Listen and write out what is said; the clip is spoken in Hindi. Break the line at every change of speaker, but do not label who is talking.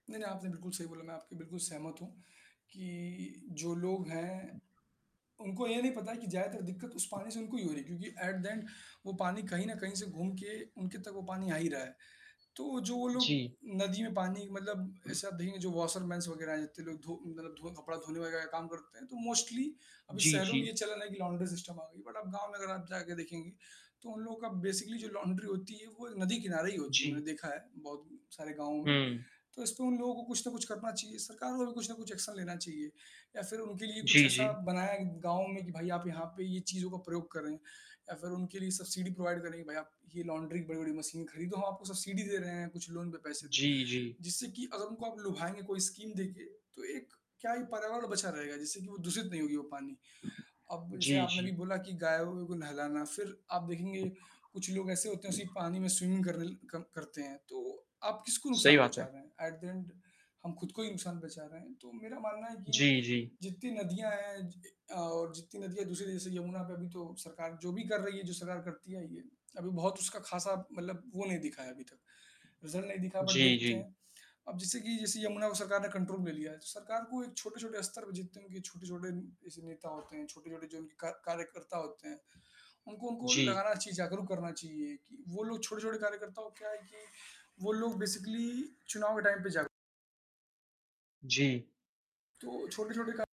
नहीं, नहीं, आपने बिल्कुल सही बोला, मैं आपके बिल्कुल सहमत हूँ कि जो लोग हैं। उनको ये नहीं पता है कि ज़्यादातर दिक्कत उस पानी से उनको ही हो रही है क्योंकि एट द एन्ड वो पानी कहीं न कहीं से घूम के उनके तक वो पानी आ ही रहा है। तो जो वो लोग
जी।
नदी में पानी मतलब ऐसा देंगे जो वॉशर मैन्स वग़ैरह इतने लोग धो मतलब धो कपड़ा धोने वग़ैरह का काम करते हैं तो मोस्टली अभी
जी,
शहरों में
जी।
ये चल रहा है कि लॉन्डरी सिस्टम आ गई। बट आप गाँव में अगर आप जाके देखेंगे तो उन लोगों का बेसिकली जो लॉन्ड्री होती है वो नदी की नारे ही होती है,
जी।
मैंने देखा है बहुत उम, सारे गाँवों में।
हुँ।
तो इसपे उन लोगों को कुछ न कुछ करना चाहिए। सरकार को भी कुछ न कुछ एक्शन लेना चाहिए। या फिर उनके लिए कुछ
जी,
ऐसा
जी।
बनाया गाँव में कि भाई आप यहाँ पे ये चीज़ों का प्रयोग कर रहे हैं या फिर उनके लिए सब्सिडी प्रोवाइड करें कि भई आप ये लॉन्ड्री बड़ी-बड़ी मशीनें खरीदो हम आपको सब्सिडी दे रहे हैं कुछ लोन पे पैसे दें।
जी, जी।
जिससे कि अगर उनको आप लुभाएँगे कोई स्कीम देके तो एक क्या ही पर्यावरण बचा रहेगा, जिससे कि वो दूषित नहीं होगी वो पानी। अब जैसे
जी,
आपने भी
जी।
बोला कि गायों को नहलाना फिर आप देखेंगे कुछ लोग ऐसे होते हैं उसी पानी में स्विमिंग करने ल कर करते हैं। तो आप किसको
सही
नुकसान
बात
पहुँचा
है।
रहे हैं? एट द एन्ड हम खुद को ही नुकसान पहुँचा रहे हैं। तो मेरा मानना है कि
जी, जी।
जितनी नदियाँ हैं ज अ, और जितनी नदियाँ दूसरी जैसे यमुना पे अभी तो सरकार जो भी कर रही है जो सरकार करती आयी है, अभी बहुत उसका ख़ासा मतलब वो नहीं दिखा है अभी तक, रिजल्ट नहीं दिखा। बट
जी,
देखते
जी।
हैं। अब जैसे कि जैसे यमुना को सरकार ने कंट्रोल में लिया है। सरकार को एक छोटे-छोटे स्तर पे जितने उनके छोटे-छोटे ऐसे नेता होते हैं, छोटे-छोटे जो उनके का कार्यकर्ता होते हैं, उनको उनको
जी।
लगाना चाहिए, जागरूक करना चाहिए। कि वो लोग छोटे-छोटे कार्यकर्ता को क्या है कि वो लोग बेसिकली चुनाव के टाइम पे जाग
जी।
तो छोटे-छोटे का